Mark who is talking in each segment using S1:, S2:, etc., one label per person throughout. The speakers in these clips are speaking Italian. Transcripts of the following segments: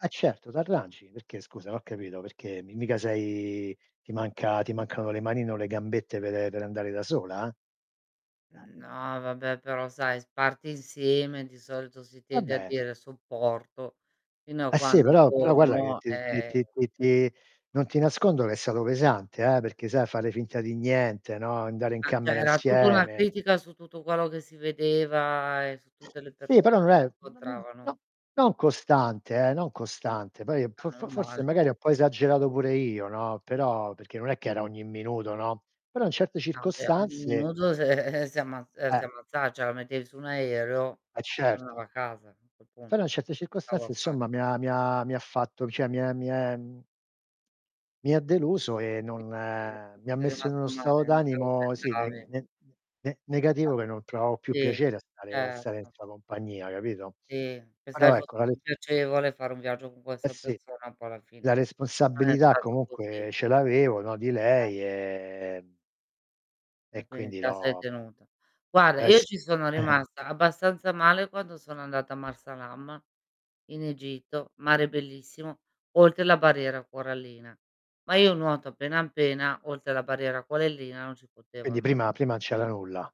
S1: Eh, certo, t'arrangi. Perché scusa, n'ho capito, perché m mica sei ti manca ti mancano le manine o le gambette per per andare da sola? Eh.
S2: No, vabbè, però sai, s parti insieme, di solito si tende a
S1: Vabbè.
S2: dire: "Sopporto fino a
S1: Eh, sì
S2: quando
S1: però però guarda che
S2: torno".
S1: ti r ti
S2: Ehm
S1: ti ti ti non ti nascondo che è stato pesante, eh, perché, sai, a fare finta di niente, no, andare in
S2: Ma, cioè,
S1: camera
S2: era tutto una
S1: insieme.
S2: critica su tutto quello che si vedeva e su tutte le
S1: Sì però
S2: persone
S1: non
S2: che si
S1: è non
S2: incontravano.
S1: no non costante, eh, non costante poi
S2: Ah,
S1: po fo fo
S2: meno
S1: forse
S2: male.
S1: magari ho 'n po' esagerato pure io, no, però perché non è che era ogni minuto, no, però in certe
S2: No, beh, ogni
S1: circostanze
S2: minuto se si ammazz uhm,
S1: Eh.
S2: si ammazza cioè la mettevi su un aereo,
S1: Eh,
S2: tornava
S1: certo.
S2: a casa, a quel
S1: E però
S2: punto.
S1: in certe
S2: Stavo
S1: circostanze
S2: a
S1: insomma
S2: fare?
S1: mi ha mi ha mi ha fatto cioè, mi è mi è, mhmm mi ha deluso, e
S2: Sì,
S1: non
S2: sì.
S1: mi
S2: Ci
S1: ha
S2: sei
S1: messo in uno
S2: rimasto male,
S1: stato
S2: non te lo
S1: d'animo, sì ne
S2: aspettavi.
S1: ne n ne
S2: [unintelligible]
S1: negativo che non provavo più
S2: Sì.
S1: piacere a stare a stare in
S2: Certo.
S1: sua compagnia capito?
S2: Sì. Pensavi
S1: Però, ecco,
S2: fosse
S1: la ri
S2: più piacevole fare un viaggio con
S1: Eh,
S2: questa
S1: sì.
S2: persona, poi alla
S1: La
S2: fine non è
S1: responsabilità
S2: stato
S1: comunque
S2: così.
S1: ce l'avevo, no, di lei,
S2: Sempre.
S1: ehm
S2: E,
S1: e
S2: quindi
S1: quindi
S2: te a sei
S1: l'ho
S2: tenuta. Guarda,
S1: Eh,
S2: io
S1: s
S2: ci sono rimasta abbastanza male quando sono andata a Marsa Alam in Egitto, mare bellissimo, oltre la barriera corallina. Ma io nuoto appena, appena, oltre la barriera corallina non ci potevo
S1: Quindi
S2: anda
S1: prima prima n' c'era nulla.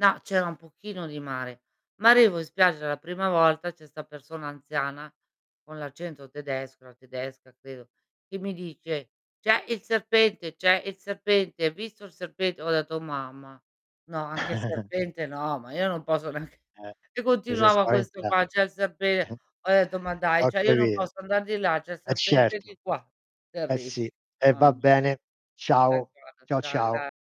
S2: No c'era un pochino di mare. Ma arrivo in spiaggia la prima volta, c'è 'sta persona anziana con l'accento tedesco, era tedesca credo, che mi dice: "C'è il serpente, c'è il serpente, hai visto il serpente?" Ho detto: "Oh mamma. No, anche il serpente no, ma io non posso neanche"
S1: Eh.
S2: E
S1: Ti sei
S2: continuava questo
S1: spaventa
S2: qua: "C'è il serpente." Ho detto: "Ma dai,
S1: Ho
S2: cioè io non
S1: capito.
S2: posso andar di là, c'è il
S1: Eh
S2: serpente
S1: certo.
S2: di qua."
S1: Eh,
S2: Terrib
S1: sì. E
S2: Mamma
S1: va
S2: mi
S1: bene. Ciao.
S2: D'accordo,
S1: Ciao,
S2: ciao
S1: ciao.
S2: gra